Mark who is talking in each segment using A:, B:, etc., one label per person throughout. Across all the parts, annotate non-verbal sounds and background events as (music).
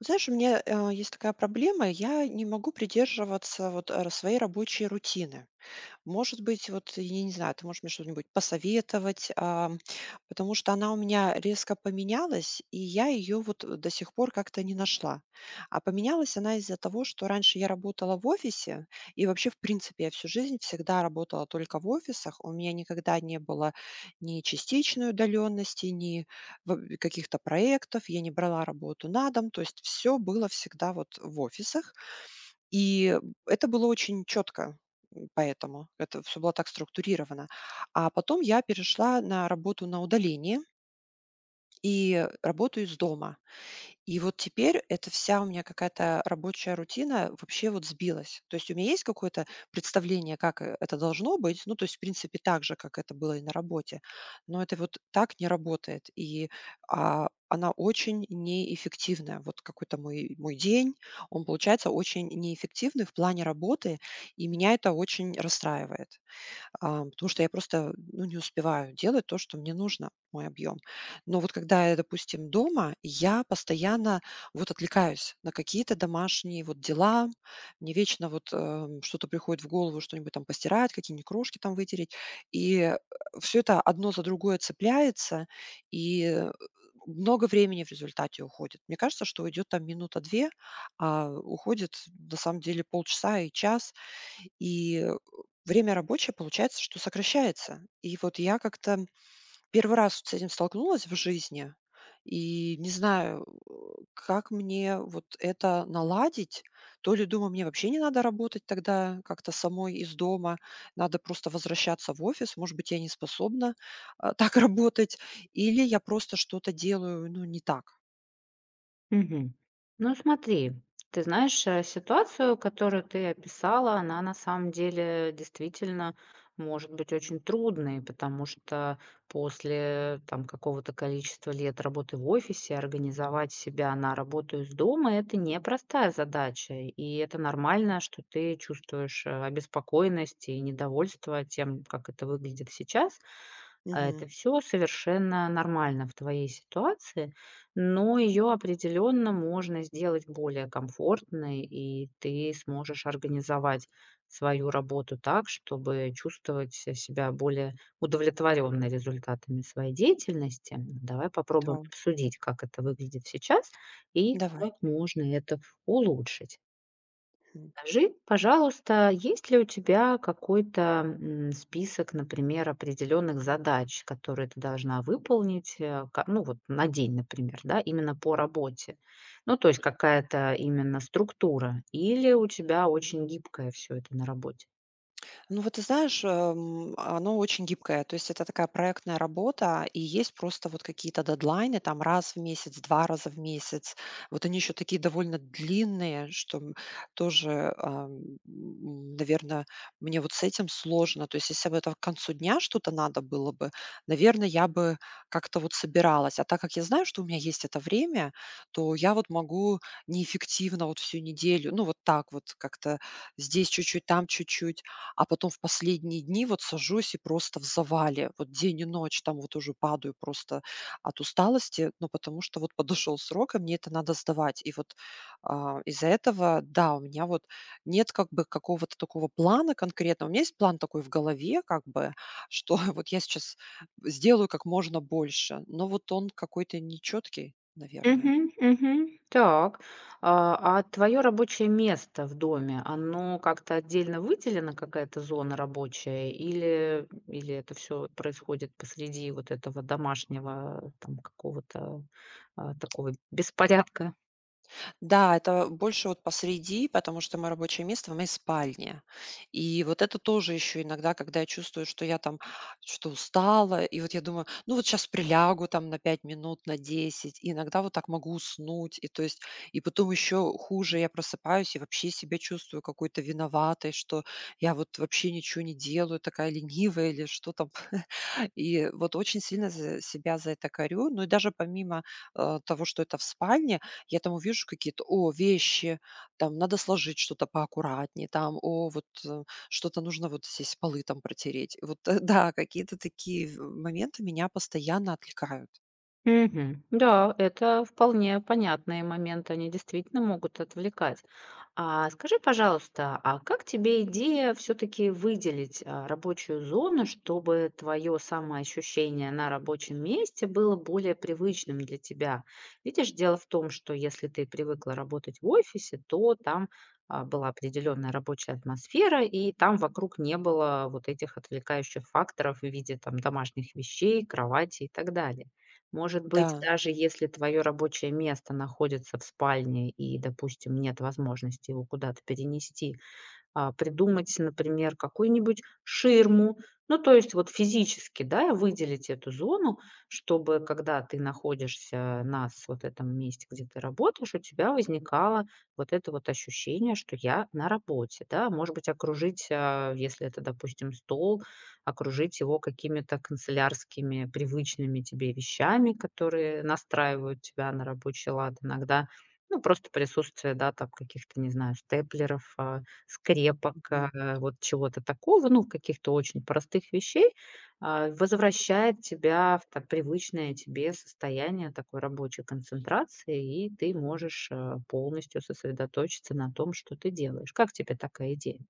A: Знаешь, у меня, э, есть такая проблема: я не могу придерживаться вот, а, своей рабочей рутины. Может быть, вот, я не знаю, ты можешь мне что-нибудь посоветовать, а, потому что она у меня резко поменялась, и я её вот, э, до сих пор как-то не нашла. А поменялась она из-за того, что раньше я работала в офисе. И вообще, в принципе, я всю жизнь всегда работала только в офисах. У меня никогда не было ни частичной удалённости, ни в э, каких-то проектов. Я не брала работу на дом. То есть всё было всегда вот, э, в офисах, и, э, это было очень чётко, м, поэтому, это всё было так структурировано. А потом я перешла на работу на удаление И, э, работаю из дома. И вот теперь эта вся у меня какая-то рабочая рутина вообще вот сбилась. То есть у меня есть какое-то представление, как, э, это должно быть. Ну, то есть, в принципе, так же, как это было и на работе. Но это вот так не работает, и, а, она очень неэффективная. Вот какой-то мой мой день, он получается очень неэффективный в плане работы. И меня это очень расстраивает, а, потому что я просто, м, ну, не успеваю делать то, что мне нужно, мой объём. Но вот когда я, допустим, дома, я постоянно вот отвлекаюсь на какие-то домашние вот дела. Мне вечно вот, о м, что-то приходит в голову: что-нибудь там постирать, какие-нибудь крошки там вытереть, и, э, всё это одно за другое цепляется, и, э, э, много времени в результате уходит. Мне кажется, что уйдёт там минута, 2, а, э, уходит на самом деле полчаса и час. И, о время рабочее получается, что сокращается. И вот я как-то 1 раз вот с этим столкнулась в жизни и не знаю, о, как мне вот это наладить. То ли, думаю, мне вообще не надо работать тогда как-то самой из дома, надо просто возвращаться в офис. Может быть, я не способна, а, так работать или я просто что-то делаю, ну, не так.
B: Мгм. Ну, смотри, ты знаешь, э, ситуацию, которую ты описала, она на самом деле действительно может быть очень трудной. Потому что после, там, какого-то количества лет работы в офисе организовать себя на работу из дома- это непростая задача. И это нормально, что ты чувствуешь, э, обеспокоенность и недовольство тем, как это выглядит сейчас. А
A: Мгм.
B: это всё совершенно нормально в твоей ситуации, но её определённо можно сделать более комфортной. И ты сможешь организовать свою работу так, чтобы чувствовать се себя более удовлетворённой результатами своей деятельности. Давай попробуем
A: Та
B: обсудить, как это выглядит сейчас и
A: Давай.
B: как можно это улучшить.
A: Хм.
B: Скажи, пожалуйста, есть ли у тебя какой-то, м, список, например, определённых задач, которые ты должна выполнить, э, ка ну вот на день, например, да, именно по работе. Ну, то есть какая-то именно структура или у тебя очень гибкое всё это на работе?
A: Ну, вот ты знаешь, э, м, а, оно очень гибкое. То есть это такая проектная работа, и есть просто вот какие-то дедлайны, там раз в месяц, 2 раза в месяц. Вот они еще такие довольно длинные, что, м, тоже, ам, м, наверно, мне вот с этим сложно. То есть если бы это к концу дня что-то надо было бы, наверно, я бы как-то вот собиралась. А так как я знаю, что у меня есть это время, то я вот могу неэффективно вот всю неделю, ну, вот так вот как-то: здесь чуть-чуть, там чуть-чуть, а потом в последние дни вот сажусь и просто в завале, вот день и ночь, там вот уже падаю просто от усталости. Но потому что вот подошел срок, а мне это надо сдавать. И вот, а, из-за этого, да, у меня вот нет как бы какого-то такого плана конкретного. У меня есть план такой в голове как бы, что, (chuckles) вот я сейчас сделаю как можно больше, но вот он какой-то нечёткий, наверное.
B: Мгм мгм. Так. А, а твое рабочее место в доме, оно как-то отдельно выделено, какая-то зона рабочая или, м, или это всё вот происходит посреди вот этого домашнего, а, там, какого-то, а такого беспорядка?
A: Да, это, э, больше вот посреди, потому что мое рабочее место в моей спальне. И вот это тоже еще иногда, когда я чувствую, что я там что-то устала, и вот я думаю: "Ну, вот сейчас прилягу там на 5 минут, на 10". И иногда вот так могу уснуть. И то есть, и потом еще хуже- я просыпаюсь и вообще себя чувствую какой-то виноватой, что я вот вообще ниче не делаю, такая ленивая или что там. (chuckles) И, э, вот очень сильно з себя за это корю. Но и даже помимо, э, того, что это в спальне, я там увижу какие-то: о, вещи, там надо сложить что-то поаккуратнее, там, о, вот, э, что-то нужно вот, здесь полы там протереть. Вот, э, да, какие-то такие, в э, моменты меня постоянно отвлекают.
B: Мгм. Да, это вполне понятные моменты, они действительно могут отвлекать. А скажи, пожалуйста, а как тебе идея всё-таки выделить, а, рабочую зону, чтобы твое самоощущение на рабочем месте было более привычным для тебя? Видишь, дело в том, что если ты привыкла работать в офисе, то там, а, была определенная рабочая атмосфера, и там вокруг не было вот этих отвлекающих факторов в виде там домашних вещей, кровати и так далее. Может быть,
A: Да.
B: даже если твое рабочее место находится в спальне и, допустим, нет возможности его куда-то перенести, а, придумать, например, какую-нибудь ширму. Ну, то есть вот физически, да, выделить эту зону, чтобы когда ты находишься на с вот этом месте, где ты работаешь, у тебя возникало вот это вот ощущение, что "я на работе", да. Может быть, окружить, э, если это, допустим, стол- окружить его какими-то канцелярскими, привычными тебе вещами, которые настраивают тебя на рабочий лад. Иногда, ну, просто присутствие, да, там, каких-то, не знаю, степлеров, а, скрепок,
A: Мгм.
B: а, вот чего-то такого, ну, каких-то очень простых вещей, а, возвращает тебя в так привычное тебе состояние такой рабочей концентрации. И ты можешь, а, полностью сосредоточиться на том, что ты делаешь. Как тебе такая идея?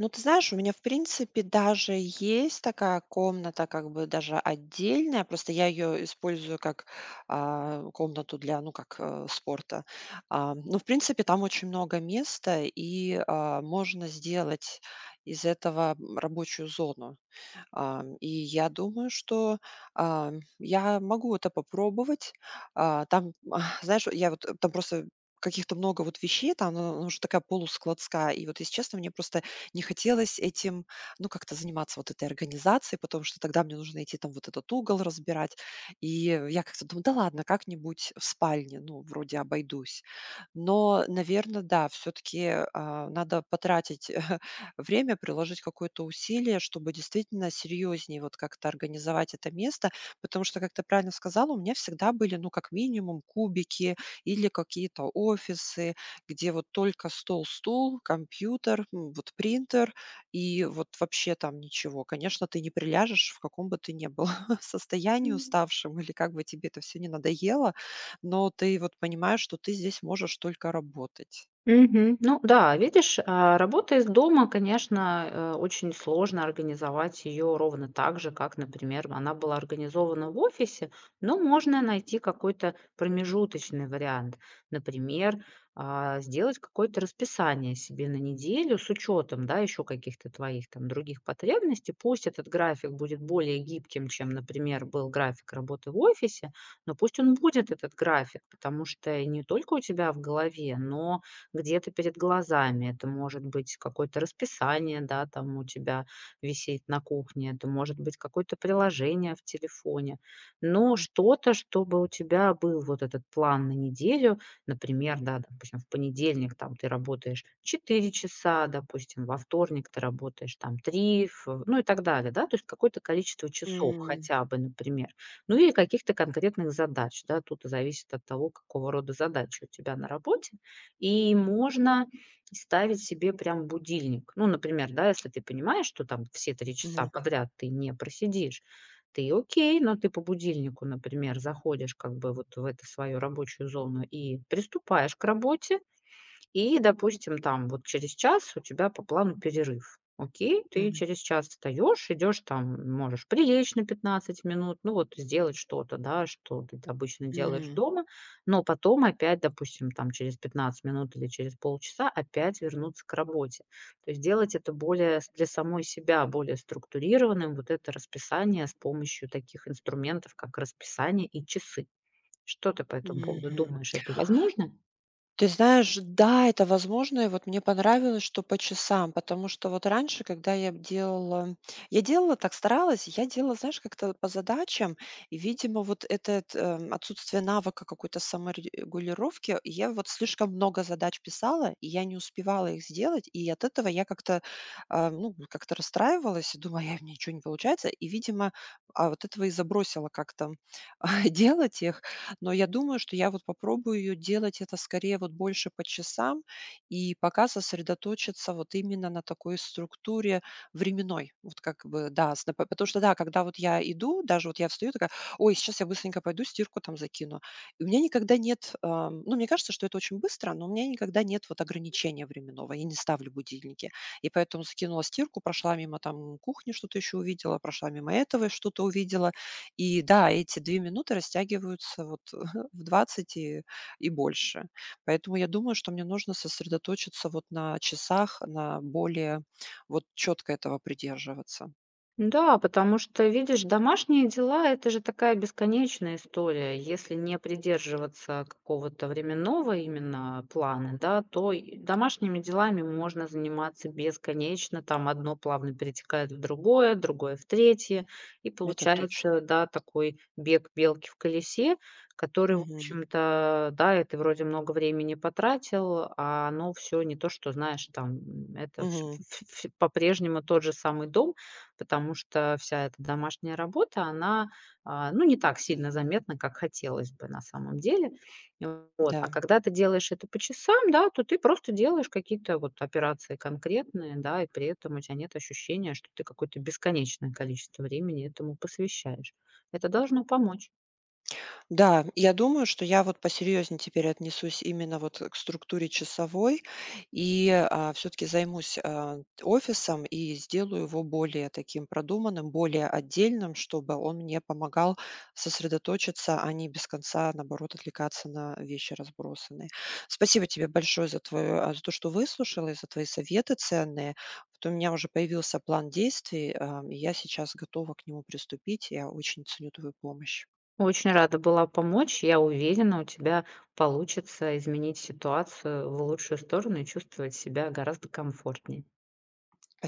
A: Ну, ты знаешь, у меня, в принципе, даже есть такая комната, как бы даже отдельная. Просто я её использую как, а, комнату для, ну, как, а, спорта. Ам, ну, в принципе, там очень много места и, а, можно сделать из этого, м, рабочую зону. Ам, и я думаю, что, ам, я могу это попробовать. А, там, м, знаешь, вот я вот, э, там просто каких-то много вот вещей, там, ну, она уже такая полускладская. И вот, если честно, мне просто не хотелось этим, ну, как-то заниматься, вот этой организацией, потому что тогда мне нужно идти, там, вот этот угол разбирать. И, э, в я как-то думаю: "Да ладно, как-нибудь в спальне, ну, вроде обойдусь". Но, наверно, да, всё-таки, э, а, надо потратить, (chuckles) время, приложить какое-то усилие, чтобы действительно серьёзнее вот как-то организовать это место. Потому что, как ты правильно сказала, у меня всегда были, ну, как минимум кубики или какие-то офисы, где вот только стол, стул, компьютер, м, вот принтер и вот вообще там ничего. Конечно, ты не приляжешь, в каком бы ты ни был (chuckles) состоянии
B: М.
A: уставшем или как бы тебе это всё ни надоело, но ты вот понимаешь, что ты здесь можешь только работать.
B: Мгм, ну да, видишь, а, работа из дома, конечно, а, очень сложно организовать её ровно так же, как, например, она была организована в офисе. Но можно найти какой-то промежуточный вариант. Например, а, сделать какое-то расписание себе на неделю с учётом, да, ещё каких-то твоих там других потребностей. Пусть этот график будет более гибким, чем, например, был график работы в офисе, но пусть он будет, этот график, потому что и не только у тебя в голове, но где-то перед глазами. Это может быть какое-то расписание, да, там у тебя висеть на кухне, это может быть какое-то приложение в телефоне, но
A: М.
B: что-то, чтобы у тебя был вот этот план на неделю. Например, да, допустим, в понедельник, там, ты работаешь 4 часа, допустим, во вторник ты работаешь, там, 3. В ну и так далее, да. То есть какое-то количество часов
A: М.
B: хотя бы, например, ну или каких-то конкретных задач, да. Тут, а, зависит от того, какого рода задачи у тебя на работе. И можно ставить себе прям будильник. Ну, например, да, если ты понимаешь, что там все 3 часа
A: Мгм.
B: подряд ты не просидишь, ты окей, но ты по будильнику, например, заходишь как бы вот в эту свою рабочую зону и приступаешь к работе. И, допустим, там, вот через час у тебя по плану перерыв. Окей, ты
A: Мгм.
B: через час встаёшь, идёшь, там, можешь прилечь на 15 минут. Ну, вот, э, сделать что-то, да, что ты тат обычно делаешь
A: Мгм.
B: дома, но потом опять, допустим, там, через 15 минут или через полчаса опять вернуться к работе. То есть сделать это более с для самой себя более структурированным вот это расписание с помощью таких инструментов, как расписание и часы. Что ты по этому поводу
A: Мгм.
B: думаешь? Это возможно?
A: Ты знаешь, да, это возможно. И вот мне понравилось, что по часам. Потому что вот раньше, когда я б делала, я делала так, старалась: я делала, знаешь, как-то по задачам. И, видимо, вот этот, ам, отсутствие навыка какой-то саморегулировки, я вот слишком много задач писала, и я не успевала их сделать. И от этого я как-то, а, ну вот как-то расстраивалась и думала: "Эх, у меня ничего не получается". И, видимо, а, вот этого и забросила как-то, м, (chuckles) а, делать их. Но я думаю, что я вот попробую делать это скорее вот больше по часам и пока сосредоточиться вот именно на такой структуре временной. Вот как бы да, с на по потому что да, когда вот я иду, даже вот я встаю такая: "Ой, сейчас я быстренько пойду стирку, там, закину". И у меня никогда нет, ам, ну, мне кажется, что это очень быстро, но у меня никогда нет вот ограничения временного. Я не ставлю будильники. И поэтому закинула стирку, прошла мимо, там, кухни, что-то ещё увидела, прошла мимо этого и что-то увидела. И да, эти 2 минуты растягиваются вот, ага, в 20 и и больше. Поэтому я думаю, что мне нужно сосредоточиться вот на часах, на более вот чётко этого придерживаться.
B: Да, потому что, видишь, домашние дела- это же такая бесконечная история. Если не придерживаться какого-то временного именно плана, да, то и домашними делами можно заниматься бесконечно. Там одно плавно перетекает в другое, другое в третье. И
A: Это точно.
B: получается, да, такой бег белки в колесе, который, в
A: Мгм.
B: общем-то, да, и ты вроде много времени потратил, а оно всё не то, что знаешь, там, это всь
A: Мгм.
B: ф всь по-прежнему тот же самый дом. Потому что вся эта домашняя работа, она, а, ну, не так сильно заметна, как хотелось бы на самом деле. Вот. А
A: Да.
B: когда ты делаешь это по часам, да, то ты просто делаешь какие-то вот операции конкретные, да. И при этом у тя нет ощущения, что ты какое-то бесконечное количество времени этому посвящаешь. Это должно помочь.
A: Да, я думаю, что я вот посерьезнее теперь отнесусь именно вот к структуре часовой. И, а, всё-таки займусь, э, т офисом и сделаю его более таким продуманным, более отдельным. Чтобы он мне помогал сосредоточиться, а не без конца, наоборот, отвлекаться на вещи разбросанные. Спасибо тебе большое за твое а, за то, что выслушала и за твои советы ценные. Вот у меня уже появился план действий, эм, и я сейчас готова к нему приступить. Я очень ценю твою помощь.
B: Очень рада была помочь. И я уверена, у тебя получится изменить ситуацию в лучшую сторону и чувствовать себя гораздо комфортнее.
A: А